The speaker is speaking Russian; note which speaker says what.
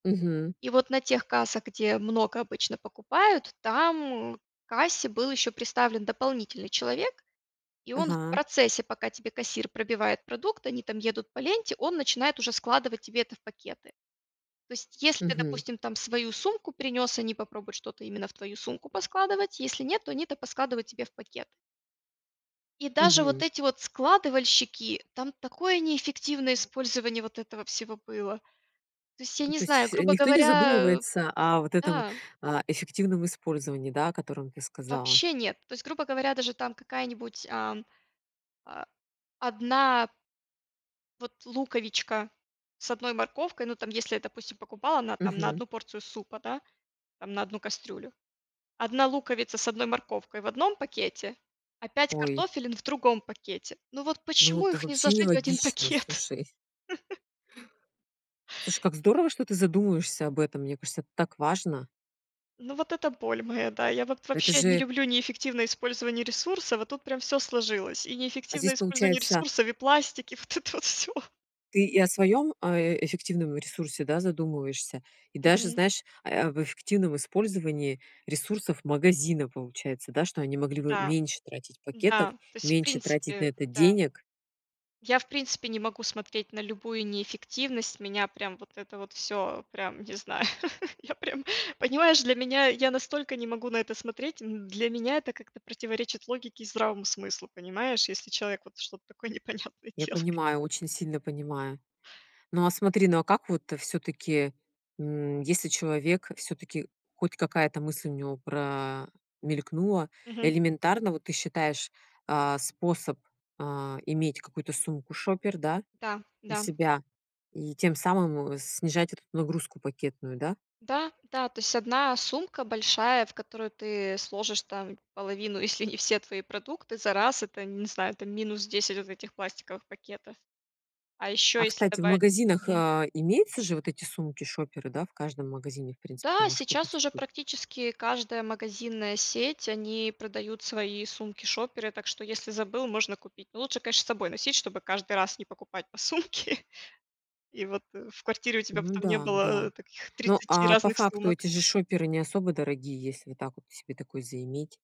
Speaker 1: Мгм.
Speaker 2: И вот на тех кассах, где много обычно покупают, там к кассе был ещё приставлен дополнительный человек, и он в
Speaker 1: Ага.
Speaker 2: процессе, пока тебе кассир пробивает продукт, они там едут по ленте, он начинает уже складывать тебе это в пакеты. То есть, если ты,
Speaker 1: Мгм.
Speaker 2: допустим, там свою сумку принёс, они попробуют что-то именно в твою сумку поскладывать, если нет, то они это поскладывают тебе в пакет. И даже вот
Speaker 1: Мгм.
Speaker 2: эти вот складывальщики, там такое неэффективное использование вот этого всего было. То есть я
Speaker 1: Ну,
Speaker 2: не
Speaker 1: то есть
Speaker 2: знаю,
Speaker 1: фсь
Speaker 2: грубо
Speaker 1: никто не
Speaker 2: говоря, э,
Speaker 1: задумывается о вот этом,
Speaker 2: да.
Speaker 1: а, эффективном использовании, да, о котором ты сказала?
Speaker 2: Вообще нет. То есть, грубо говоря, даже там какая-нибудь, ам, а 1 вот луковичка с 1 морковкой, ну, там, если я, допустим, покупала на там на
Speaker 1: Мгм.
Speaker 2: 1 порцию супа, да, там, на 1 кастрюлю, 1 луковица с 1 морковкой в 1 пакете, а 5
Speaker 1: Ой.
Speaker 2: картофелин в другом пакете. Ну, вот
Speaker 1: Ну,
Speaker 2: почему
Speaker 1: это
Speaker 2: их не
Speaker 1: вообще
Speaker 2: сложить в 1
Speaker 1: нелогично,
Speaker 2: пакет?
Speaker 1: слушай. Слушай, как здорово, что ты задумываешься об этом. Мне кажется, это так важно.
Speaker 2: Ну, вот это боль моя, да, я вот
Speaker 1: Это
Speaker 2: вообще не
Speaker 1: же
Speaker 2: люблю неэффективное использование ресурсов, а тут прям всё сложилось: и
Speaker 1: А
Speaker 2: неэффективное
Speaker 1: здесь
Speaker 2: использование
Speaker 1: получается
Speaker 2: ресурсов, и пластик, и вот это вот всё.
Speaker 1: Ты и о своём, а, эффективном ресурсе, да, задумываешься, и даже,
Speaker 2: Мгм.
Speaker 1: знаешь, а, э, об эффективном использовании ресурсов магазина, получается, да, что они могли бы
Speaker 2: Да.
Speaker 1: меньше тратить
Speaker 2: Да,
Speaker 1: пакетов,
Speaker 2: то есть, в
Speaker 1: меньше тратить на
Speaker 2: принципе,
Speaker 1: это
Speaker 2: да.
Speaker 1: денег.
Speaker 2: Я, в принципе, не могу смотреть на любую неэффективность. Меня прям вот это вот всё прям, не знаю, я прям понимаешь, для меня я настолько не могу на это смотреть, м, для меня это как-то противоречит логике и здравому смыслу, понимаешь, если человек вот что-то такое непонятное
Speaker 1: Я
Speaker 2: делает.
Speaker 1: понимаю, очень сильно понимаю. Ну, а смотри, ну, а как вот всё-таки, м, если человек, всё-таки хоть какая-то мысль у него про мелькнула,
Speaker 2: Мгм.
Speaker 1: элементарно, вот ты считаешь, а, способ, а, иметь какую-то сумку-шопер, да,
Speaker 2: Да,
Speaker 1: у
Speaker 2: да.
Speaker 1: себя? И тем самым, э, снижать эту нагрузку пакетную, да?
Speaker 2: Да, да, то есть 1 сумка большая, в которую ты сложишь там половину, если не все твои продукты за раз, это, не знаю, это минус 10 вот этих пластиковых пакетов. А ещё
Speaker 1: А,
Speaker 2: если
Speaker 1: кстати, в
Speaker 2: добавить
Speaker 1: магазинах,
Speaker 2: мгм.
Speaker 1: а, имеются же вот эти сумки-шоперы, да? В каждом магазине, в принципе, ты
Speaker 2: М-да,
Speaker 1: можешь
Speaker 2: сейчас
Speaker 1: купить
Speaker 2: уже
Speaker 1: ку
Speaker 2: практически каждая магазинная сеть- они продают свои сумки-шоперы, так что, если забыл, можно купить. Ну, лучше, конечно, с собой носить, чтобы каждый раз не покупать по сумке, и вот, э, в квартире у тебя
Speaker 1: Ну
Speaker 2: потом не
Speaker 1: да,
Speaker 2: было,
Speaker 1: да.
Speaker 2: э, таких
Speaker 1: Ну,
Speaker 2: 30
Speaker 1: а по
Speaker 2: разных
Speaker 1: факту
Speaker 2: сумок.
Speaker 1: эти же шоперы не особо дорогие, если вот так вот себе такой заиметь.